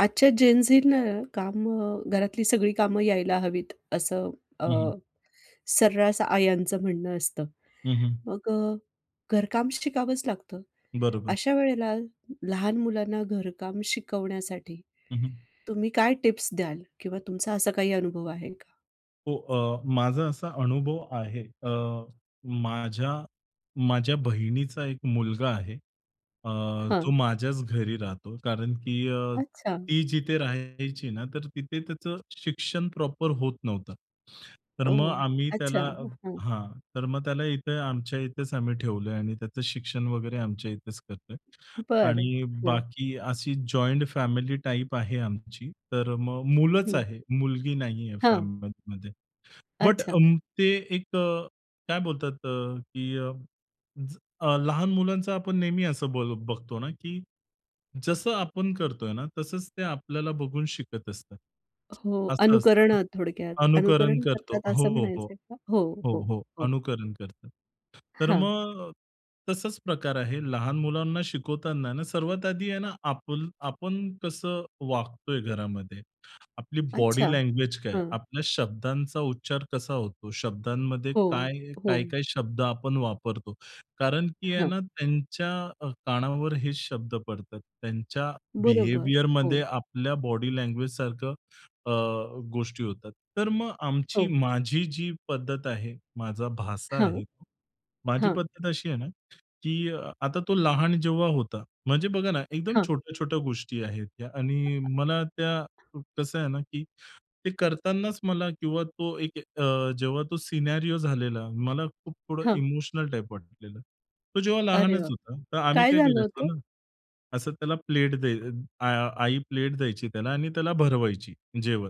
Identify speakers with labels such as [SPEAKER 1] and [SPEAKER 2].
[SPEAKER 1] आजच्या जेनझिंना कामं घरातली सगळी कामं यायला हवीत असं अ,
[SPEAKER 2] हं, हं.
[SPEAKER 1] सर्रास आयांचं म्हणणं असतं.
[SPEAKER 2] हं, हं.
[SPEAKER 1] मग अ, घरकाम शिकावंच लागतं.
[SPEAKER 2] बरोबर.
[SPEAKER 1] अशा वेळेला ल लहान मुलांना घरकाम शिकवण्यासाठी
[SPEAKER 2] हं, हं.
[SPEAKER 1] तुम्ही काय टिप्स द्याल किंवा तुमचा असा काही अनुभव आहे का?
[SPEAKER 2] हो. अ, माझा असा अनुभव आहे. अ, माझ्या माझ्या बहिणीचा 1 मुलगा आहे, अ, जो
[SPEAKER 1] हां.
[SPEAKER 2] माझ्याच घरी राहतो, कारण की अ,
[SPEAKER 1] अच्छा.
[SPEAKER 2] ती जिथे राहायची ना, तर तिथे त्याचं शिक्षण प्रॉपर होत नव्हतं. तर मग
[SPEAKER 1] ओ!
[SPEAKER 2] आम्ही
[SPEAKER 1] अच्छा.
[SPEAKER 2] त्याला
[SPEAKER 1] हां.
[SPEAKER 2] हां, तर मग त्याला इथे आमच्या इथेच आम्ही ठेवलंय आणि त्याचं शिक्षण वगैरे आमच्या इथेच करतोय.
[SPEAKER 1] बरं.
[SPEAKER 2] आणि
[SPEAKER 1] हां.
[SPEAKER 2] बाकी अशी जॉइंट फॅमिली टाइप आहे आमची, तर मग मुलंच
[SPEAKER 1] हं.
[SPEAKER 2] आहेत. मुलगी नाहीये
[SPEAKER 1] हां.
[SPEAKER 2] फॅमिलीमध्ये. बट
[SPEAKER 1] अच्छा.
[SPEAKER 2] अं, ते एक अ, काय बोलतात अ, की अ, ज अ, लहान मुलांचा आपण नेहमी असं बल बघतो ना की जसं आपण करतोय ना, तसंच ते आपल्याला बघून शिकत असतात.
[SPEAKER 1] हो,
[SPEAKER 2] असं असतं ना.
[SPEAKER 1] अनुकरणं थोडक्यात.
[SPEAKER 2] अनुकरण
[SPEAKER 1] अनुकरण
[SPEAKER 2] करतो
[SPEAKER 1] करतात असं
[SPEAKER 2] हो, हो.
[SPEAKER 1] म्हणायचंय का? हो,
[SPEAKER 2] हो,
[SPEAKER 1] हो,
[SPEAKER 2] हो.
[SPEAKER 1] हो.
[SPEAKER 2] अनुकरण करतं. तर
[SPEAKER 1] हां.
[SPEAKER 2] मग तसाच प्रकार आहे. लहान मुलांना शिकवताना आहे ना सर्वात आधी आहे ना आपल आपण कसं वागतोय घरामध्ये? आपली
[SPEAKER 1] अच्छा.
[SPEAKER 2] बॉडी लँग्वेज काय?
[SPEAKER 1] हां.
[SPEAKER 2] आपल्या शब्दांचा उच्चार कसा होतो? शब्दांमध्ये
[SPEAKER 1] हो,
[SPEAKER 2] काय
[SPEAKER 1] हो.
[SPEAKER 2] काय-काय शब्द आपण वापरतो? कारण की आहे
[SPEAKER 1] हां.
[SPEAKER 2] ना त्यांच्या अ, कानावर हे शब्द पडतात. त्यांच्या
[SPEAKER 1] बरोबर.
[SPEAKER 2] बिहेवियरमध्ये
[SPEAKER 1] हो.
[SPEAKER 2] आपल्या बॉडी लँग्वेजसारखं अ, गोष्टी होतात. तर मग आमची
[SPEAKER 1] हो.
[SPEAKER 2] माझी जी पद्धत आहे, माझा भाचा
[SPEAKER 1] हां.
[SPEAKER 2] आहे. माझी
[SPEAKER 1] हां
[SPEAKER 2] पद्धत अशी आहे ना की अ, आता तो लहान जेव्हा होता, म्हणजे बघा ना एकदम
[SPEAKER 1] हां.
[SPEAKER 2] छोट्या-छोट्या गोष्टी आहेत त्या आणि मला त्या क कसं आहे ना की ते करतांनाच मला किंवा तो एक अ, जेव्हा तो सिनेरिओ झालेला, मला खूप थोडं
[SPEAKER 1] हां.
[SPEAKER 2] इमोशनल टाइप वाटलेलं. तो जेव्हा
[SPEAKER 1] अरे
[SPEAKER 2] लहानच
[SPEAKER 1] बाप
[SPEAKER 2] होता. तर आम्ही
[SPEAKER 1] काय
[SPEAKER 2] काय
[SPEAKER 1] झालं
[SPEAKER 2] करायचो
[SPEAKER 1] होतं?
[SPEAKER 2] ना, असं त्याला प्लेट द्यय अ, आ आई प्लेट द्यायची त्याला आणि त्याला भरवायची, जेवण.